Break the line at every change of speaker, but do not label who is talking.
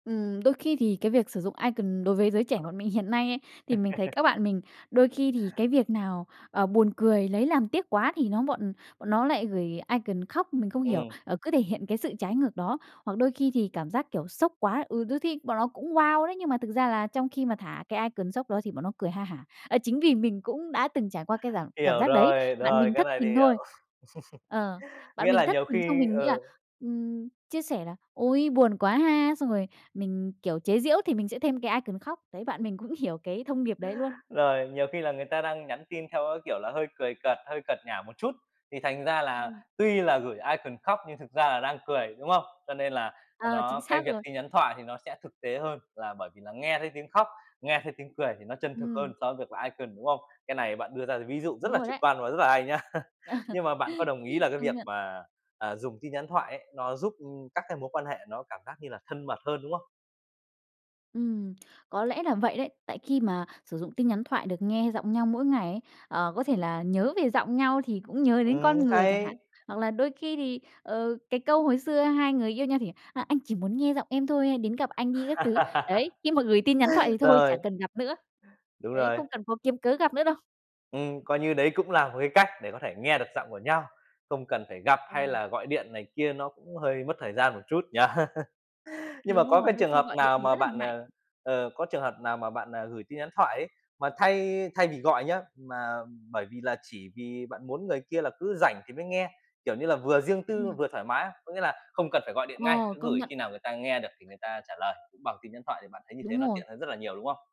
Ừm, đôi khi thì cái việc sử dụng icon đối với giới trẻ bọn mình hiện nay ấy, thì mình thấy các bạn mình đôi khi thì cái việc nào, ờ, buồn cười, lấy làm tiếc quá thì nó bọn bọn nó lại gửi icon khóc, mình không hiểu,
Ừm.
ờ, cứ thể hiện cái sự trái ngược đó. Hoặc đôi khi thì cảm giác, kiểu, sốc quá, ừ, đôi thi bọn nó cũng wow đấy, nhưng mà thực ra là trong khi mà thả cái icon sốc đó thì bọn nó cười ha hả. Ờ, chính vì mình cũng đã từng trải qua cái giảm cảm
Hiểu
giác đấy,
rồi,
bạn
rồi,
mình
cái
thất
này thì
tình thôi
hiểu.
ờ, bạn
Nghĩa
mình
là
thất
nhiều
tình xong
khi
mình nghĩ là,
ờ.
ừm, chia sẻ là "Ôi buồn quá ha!" xong rồi mình, kiểu, chế giễu thì mình sẽ thêm cái icon khóc. Đấy, bạn mình cũng hiểu cái thông điệp đấy luôn.
Rồi, nhiều khi là người ta đang nhắn tin theo cái, kiểu, là hơi cười cợt, hơi cợt nhả một chút, thì thành ra là
Ừm.
tuy là gửi icon khóc nhưng thực ra là đang cười, đúng không? Cho nên là là
Ờ, chính
nó cái
xác
việc
rồi.
tin nhắn thoại thì nó sẽ thực tế hơn là bởi vì là nghe thấy tiếng khóc, nghe thấy tiếng cười thì nó chân thực
Ừm.
hơn so với việc là icon, đúng không? Cái này bạn đưa ra d ví dụ rất
Đúng
là
rồi
trực
đấy.
quan và rất là hay nha. Nhưng mà bạn có đồng ý là cái
Công
việc
nhận.
mà, à, dùng tin nhắn thoại ấy, nó giúp, ưm, các cái mối quan hệ nó cảm giác như là thân mật hơn, đúng không?
Ừm, có lẽ là vậy đấy, tại khi mà sử dụng tin nhắn thoại được nghe giọng nhau mỗi ngày ấy, ờ, có thể là nhớ về giọng nhau thì cũng nhớ đến
Ừm,
con người chẳng hạn.
hay.
Hoặc là đôi khi thì, ờ, cái câu hồi xưa hai người yêu nhau thì: "Ờ, anh chỉ muốn nghe giọng em thôi, hãy đến gặp anh đi" các thứ. Đấy, khi mà gửi tin nhắn thoại thì thôi, chả
Rồi.
cần gặp nữa,
Đúng
đấy,
rồi.
không cần cố kiếm cớ gặp nữa đâu.
Ừm, coi như đấy cũng là một cái cách để có thể nghe được giọng của nhau, không cần phải gặp hay
Ừm.
là gọi điện này kia, nó cũng hơi mất thời gian một chút nhỉ? Nhưng mà
Đúng
có
rồi,
cái
đôi
trường
khi
hợp
gọi điện
nào
thì
mà
rất là
bạn
ngại.
ờ, ờ, có trường hợp nào mà bạn, à, gửi tin nhắn thoại ấy, mà thay thay vì gọi nhớ, mà bởi vì là chỉ vì bạn muốn người kia là cứ rảnh thì mới nghe, kiểu như là, vừa riêng tư,
Ừm.
vừa thoải mái á. Có nghĩa là không cần phải gọi điện ngay,
Ồ,
cứ
công
gửi
nhận.
khi nào người ta nghe được thì người ta trả lời, cũng bằng tin nhắn thoại thì bạn thấy như thế
Đúng
nó
rồi.
tiện hơn rất là nhiều, đúng không?